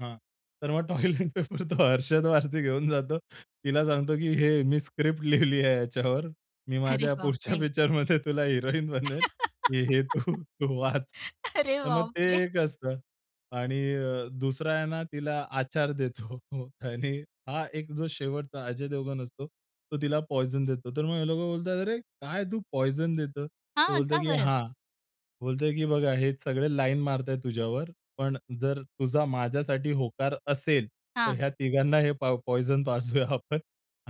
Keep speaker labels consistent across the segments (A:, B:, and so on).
A: हां. तर मग टॉयलेट पेपर तो अर्शद वारसी घेऊन जातो. तिला सांगतो, की "हे, मी स्क्रिप्ट लिहिली आहे याच्यावर. मी
B: अरे
A: माझ्या पुढच्या
B: बापरे!
A: पिक्चरमध्ये तुला हिरोईन बनवेल, की हे तू, तू वाच."
B: अरे,
A: तर मग ते
B: बापरे!
A: एक असतं. आणि अ, दुसरा आहे ना तिला आचार देतो. हो, आणि हा एक जो शेवटचा अजय देवगन असतो तो तिला पॉइझन देतो. तर मग हे लोकं बोलतात, "अरे, काय तू पॉइझन देतो?" तो
B: हां,
A: बोलतो,
B: का
A: की
B: बरं?
A: हां, बोलतोय, की "बघा, हे सगळे लाईन मारता आहेत तुझ्यावर, पण जर तुझा माझ्यासाठी होकार असेल, तर
B: हां.
A: ह्या तिघांना हे पाव पॉइझन पाजूया आपण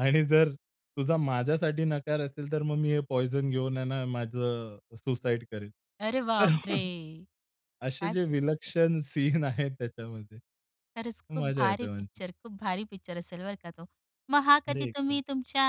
A: आणि जर तुझा माझ्यासाठी नकार असेल, तर मग मी हे पॉइझन घेऊन आहे ना, माझं अ, सुसाईड करेन."
B: अरे,
A: तर
B: बापरे!
A: असे
B: काय
A: जे
B: पिक्चर
A: विलक्षण सीन आहेत त्याच्यामध्ये.
B: खरंच खूप
A: मजा
B: भारी
A: येते म्हणजे.
B: पिक्चर, खूप भारी पिक्चर असेल बरं का तो. मग हा
A: अरे,
B: कधी
A: एकदम.
B: तुम्ही तुमच्या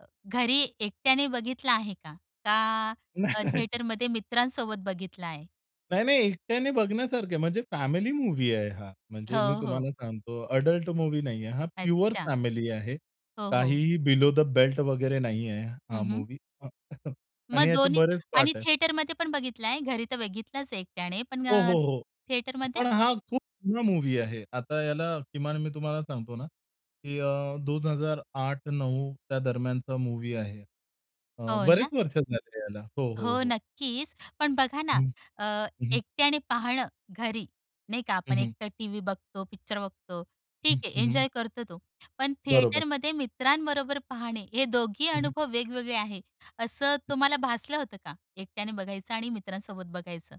B: अ, घरी एकट्याने बघितला आहे का? का
A: नाही,
B: अ,
A: नाही.
B: थिएटरमध्ये मित्रांसोबत बघितला आहे?
A: नाही, नाही. एकट्याने बघण्यासारखा आहे, म्हणजे फॅमिली मूव्ही आहे हा. म्हणजे मी
B: हो, हो.
A: तुम्हाला सांगतो ॲडल्ट मूव्ही नाहीये. हा प्युअर
B: अच्छा.
A: फॅमिली आहे.
B: हो, हो.
A: काहीही बिलो द बेल्ट वगैरे नाहीये हा
B: हं, हं.
A: मूव्ही. हां, आणि
B: मग
A: याचे
B: दोन्ही
A: बरेच
B: आणि
A: पार्ट आहे.
B: थिएटरमध्ये पण बघितला आहे. घरी तर बघितलाच आहे एकट्याने, पण
A: हो,
B: अ,
A: हो, हो.
B: थिएटरमध्ये?
A: पण हा खूप जुना मूव्ही आहे. आता याला किमान मी तुम्हाला सांगतो ना, की अ, 2008-9 त्या दरम्यानचा मूव्ही आहे. अ,
B: हो,
A: बरेच
B: ना.
A: वर्ष झाले याला. हो, हो,
B: हो
A: हो.
B: नक्कीच. पण बघा ना
A: हं,
B: अ,
A: हं.
B: एकट्याने पाहणं घरी, नाही का?
A: हं,
B: आपण
A: हं.
B: एकटं टीव्ही बघतो, पिक्चर बघतो,
A: हं.
B: ठीक आहे
A: हं, हं.
B: एन्जॉय करतो तो. पण
A: बरोबर.
B: थिएटरमध्ये मित्रांबरोबर पाहणे हे दोन्ही
A: हं, हं.
B: अनुभव वेगवेगळे आहे. असं
A: हं.
B: तुम्हाला भासलं होतं का, एकट्याने बघायचं आणि मित्रांसोबत बघायचं?